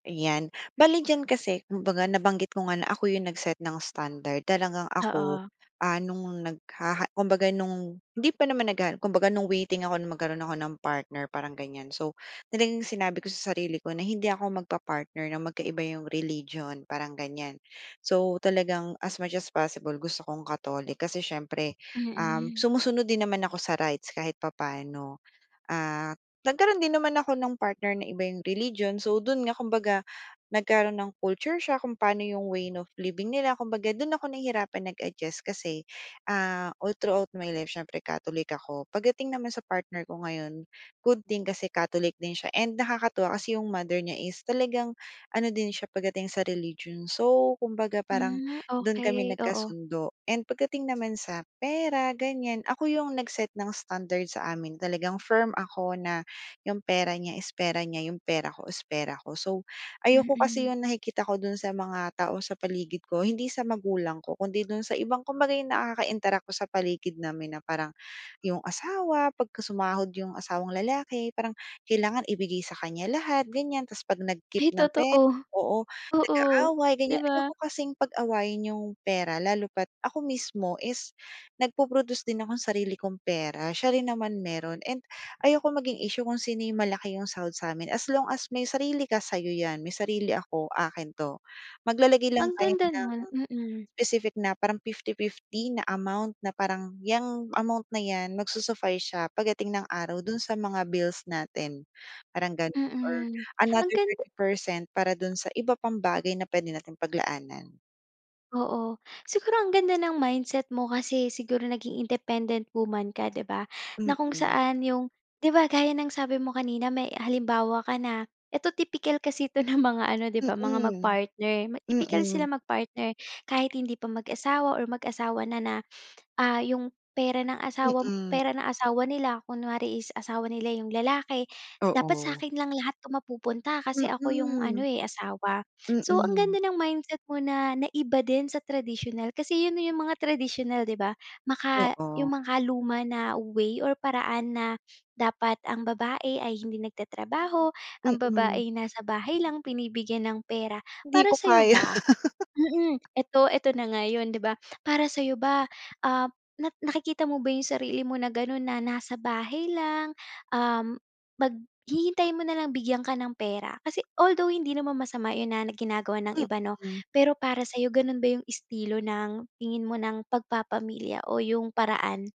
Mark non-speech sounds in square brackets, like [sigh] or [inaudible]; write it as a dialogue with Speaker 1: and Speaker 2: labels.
Speaker 1: Ayan, bale diyan kasi kumbaga nabanggit ko nga na ako yung nag-set ng standard. Talagang ako,
Speaker 2: Oo.
Speaker 1: ah, nung naghaha kumbaga nung hindi pa naman naghahanap. Kumbaga nung waiting ako na magkaroon ako ng partner parang gan'yan. So, talagang sinabi ko sa sarili ko na hindi ako magpa-partner na magkaiba yung religion parang gan'yan. So talagang as much as possible gusto kong Catholic, kasi siyempre, um,
Speaker 2: Mm.
Speaker 1: sumusunod din naman ako sa rights kahit papaano. Ah, nagkaroon din naman ako ng partner na iba yung religion, so do'n nga kumbaga nagkaroon ng culture shock kung paano yung way of living nila kumbaga do'n ako nahihirapan nag-adjust kasi, ah, all throughout my life siyempre Catholic ako. Pagdating naman sa partner ko ngayon, good thing kasi Catholic din siya and nakakatuwa kasi yung mother niya is talagang ano din siya pagdating sa religion. So, kumbaga parang
Speaker 2: Hmm,
Speaker 1: do'n kami
Speaker 2: okey, oo.
Speaker 1: nagkasundo. And pagdating naman sa pera gan'yan ako yung nag-set ng standard sa amin talagang firm ako na yung pera niya is pera niya, yung pera ko is pera ko. So ayoko kasi
Speaker 2: Mm.
Speaker 1: yung nakikita ko do'n sa mga tao sa paligid ko hindi sa magulang ko kundi do'n sa ibang kumbaga nakaka-interact ko sa paligid namin na parang yung asawa pagkasumahod yung asawang lalaki, parang kailangan ibigay sa kanya lahat gan'yan tapos pag nag-keep
Speaker 2: Ay,
Speaker 1: ng pera
Speaker 2: totoo.
Speaker 1: oo,
Speaker 2: Oo,
Speaker 1: nag-aaway
Speaker 2: 'di
Speaker 1: gan'yan.
Speaker 2: ba?
Speaker 1: Ayoko kasing pag-awayin yung pera lalo pa't ako mismo is nagpo-produce din akong sarili kong pera siya rin naman mayro'n and ayoko maging issue kung sino yung malaki yung sahod sa'min, "as long as may sarili ka sayo 'yan, may sarili ako akin 'to." Maglalagay lang
Speaker 2: Ang
Speaker 1: tayo
Speaker 2: ganda
Speaker 1: ng
Speaker 2: no'n, mm.
Speaker 1: specific na parang 50:50 na amount na parang, "yang amount na 'yan, magsu-suffice siya pagdating ng araw do'n sa mga bills natin" parang gano'n or
Speaker 2: Mm, ang
Speaker 1: another
Speaker 2: ganda
Speaker 1: 30% para do'n sa iba pang bagay na puwede nating paglaanan.
Speaker 2: Oo, siguro ang ganda ng mindset mo kasi siguro naging independent woman ka 'di ba? Na kung
Speaker 1: Mm.
Speaker 2: saan yung di ba, gaya ng sabi mo kanina may halimbawa ka na ito tipikal kasi ito ng mga ano di ba, mga
Speaker 1: Mm,
Speaker 2: mag-partner. Tipikal sila
Speaker 1: mm.
Speaker 2: mag partner kahit hindi pa mag-asawa or mag-asawa na na, ah, yung pera ng asawa
Speaker 1: Mm.
Speaker 2: pera ng asawa nila kunwari is asawa nila yung lalaki, "dapat
Speaker 1: Oo.
Speaker 2: sa'kin lang lahat 'to mapupunta kasi ako yung
Speaker 1: Mm.
Speaker 2: ano eh, asawa." So, ang
Speaker 1: Mm.
Speaker 2: ganda ng mindset mo na naiba din sa traditonal kasi yun yung mga traditional di ba, maka
Speaker 1: Oo.
Speaker 2: yung makaluma na way or paraan na "dapat ang babae ay hindi nagtatrabaho, ang
Speaker 1: Mm.
Speaker 2: babae nasa bahay lang binibigyan ng pera."
Speaker 1: Hindi ko
Speaker 2: Para sayo
Speaker 1: kaya.
Speaker 2: ba,
Speaker 1: [laughs]
Speaker 2: mm, ito ito na nga yun 'di ba? Para sa'yo ba, ah, na nakikita mo ba yung sarili mo na gano'n na nasa bahay lang, um, mag hihintayin mo nalang bigyan ka ng pera kasi although hindi naman masama 'yon na ginagawa ng iba 'no,
Speaker 1: Mm.
Speaker 2: pero para sa'yo gano'n ba yung estilo ng tingin mo ng pagpapamilya o yung paraan?